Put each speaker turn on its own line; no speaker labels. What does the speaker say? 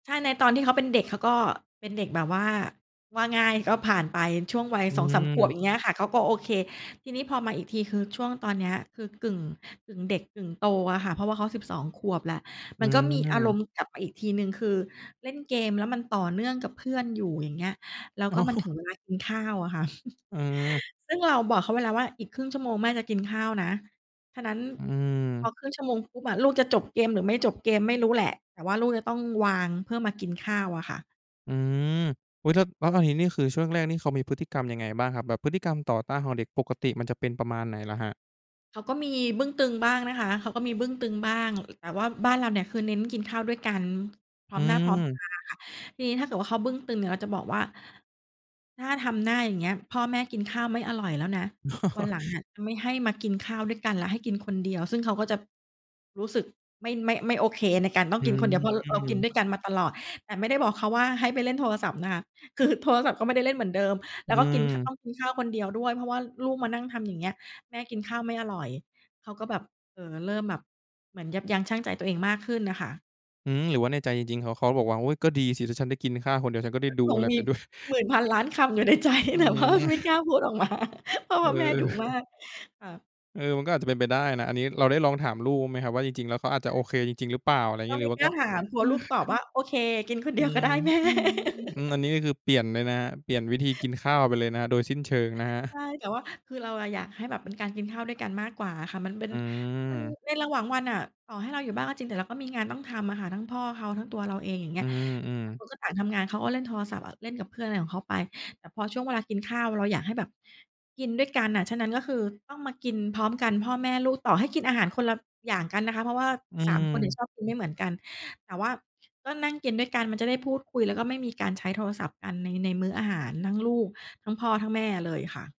ใช่ ในตอนที่เขาเป็นเด็ก เขาก็เป็นเด็กแบบว่า ว่าง่าย ก็ผ่านไปช่วงวัย
อ
2 3 ขวบ
ืม
อย่างเงี้ยอะค่ะ เขาก็โอเค ทีนี้พอมาอีกที คือช่วงตอนเนี้ย คือกึ่ง กึ่งเด็กกึ่งโตอะค่ะ เพราะว่าเขา 12 ขวบแล้ว
อ
มันก็มีอาร
ืม
มณ์กลับมาอีกทีหนึ่ง คือเล่นเกม แล้วมันต่อเนื่องกับเพื่อนอยู่ อย่างเงี้ย แล้ว
อ๋
ก็มันถึ
อ
งเวลากินข้าวอะค่ะ
อือ
ซึ่งเราบอกเขาไว้แล้วว่า "อีกครึ่งชั่วโมง แม่จะกินข้าวนะ" ฉะนั้น
อื
พอ
อ
ครึ่งชั่วโมงปุ๊บอะ ลูกจะจบเกม หรือไม่จบเกมไม่รู้แหละ แต่ว่าลูกจะต้องวางเพื่อมากินข้าวอะค่ะ
อืม อุ๊ย แล้ว แล้วตอนนี้นี่คือช่วงแรกนี่เขามีพฤติกรรมยังไงบ้างครับ แบบพฤติกรรมต่อต้านของเด็กปกติมันจะเป็นประมาณไหนเหรอครับ?
เขาก็มีบึ้งตึงบ้างนะคะ เขาก็มีบึ้งตึงบ้าง อ แต่ว่าบ้านเราเนี่ยคือเน้นกินข้าวด้วยกันพร้
อื
อมหน้าพร้อม
อ
ตาค่ะ ทีนี้ถ้าเกิดว่าเขาบึ้งตึงเนี่ยเราจะบอกว่า "ถ้าทำหน้าอย่างเงี้ย พ่อแม่กินข้าวไม่อร่อยแล้วนะ
อ
ว
้
ันหลัง
อ
อะจะไม่ให้มากินข้าวด้วยกันแล้ว ให้กินคนเดียว" ซึ่งเขาก็จะรู้สึกไม่ ไม่ ไม่โอเคในการต้อ
อ
ง
ื
กินคนเดียว เพราะเรากิน
ม
ด้วยกันมาตลอด แต่ไม่ได้บอกเขาว่าให้ไปเล่นโทรศัพท์นะคะ คือโทรศัพท์ก็ไม่ได้เล่นเหมือนเดิม
อ
แล
ื
้วก็กินข้า
ม
ว กินข้าวคนเดียวด้วย เพราะว่าลูกมานั่งทำอย่างเงี้ยแม่กินข้าวไม่อร่อย เขาก็แบบ เอ่อ เริ่มแบบเหมือนยับยั้งชั่งใจตัวเองมากขึ้นน่ะค่ะ
อืม หรือว่าในใจจริง ๆ เขา เขาบอกว่า "โอ๊ย ก็ดีสิ ถ้าฉันได้กินข้าวคนเดียว ฉันก็ได้ดู
ค
อ
ง
ะไร
มี
ไปด้วย"
หมื่นพันล้านคำ อยู่ ในใจ
อื
แต่ว่า ไม่
อ
กล้าพูดออก มา เพราะ
เ
ว
อ
่าแม่
อ
ดุมาก ค่ะ
เออ มันก็อาจจะเป็นไปได้นะ อันนี้เราได้ลองถามลูกไหมครับ ว่าจริง ๆ แล้วเขาอาจจะโอเคจริง ๆ หรือเปล่า? อะไรอย่าง
ก็
งี้
ไ
ห
ม
รื
่
อว่า
กล
ก
้
็
าถาม กลัวลูกตอบว่า "โอเค กินคน
อื
เดียวก
ม
็ได้ แม่"
อันนี้ก็คือเปลี่ยนเลยนะครับ เปลี่ยนวิธีกินข้าวไปเลยนะครับ โดยสิ้นเชิงนะครั
ใช่
บ
แต่ว่าคือเราอะอยากให้แบบเป็นการกินข้าวด้วยกันมากกว่าอะค่ะ มันเป็
อ
น
ื
มัน
อ
ในระหว่างวันน่ะ ต่อให้เราอยู่บ้างก็จริง แต่เราก็มีงานต้องทำอะค่ะ ทั้งพ่อเขา ทั้งตัวเราเอง อย่างเง
อ
ี
ื
้ย
อ
ต่างค
ๆ
นก็ต่างทำงาน เขาก็เล่นโทรศัพท์อะ เล่นกับเพื่อนอะไรของเขาไป แต่พอช่วงเวลากินข้าว เราอยากให้แบบกินด้วยกันน่ะ ฉะนั้นก็คือต้องมากินพร้อมกันพ่อแม่ลูก ต่อให้กินอาหารคนละอย่างกันนะคะ เพราะว่า
อื
3 คนเนี่
อ
ย ชอบกินไม่เหมือนกัน แต่ว่า ก็นั่งกินด้วยกัน มันจะได้พูดคุย แล้วก็ไม่มีการใช้โทรศัพท์กันใน ในมื้ออาหาร ทั้งลูกทั้งพ่อทั้งแม่เลยค่ะ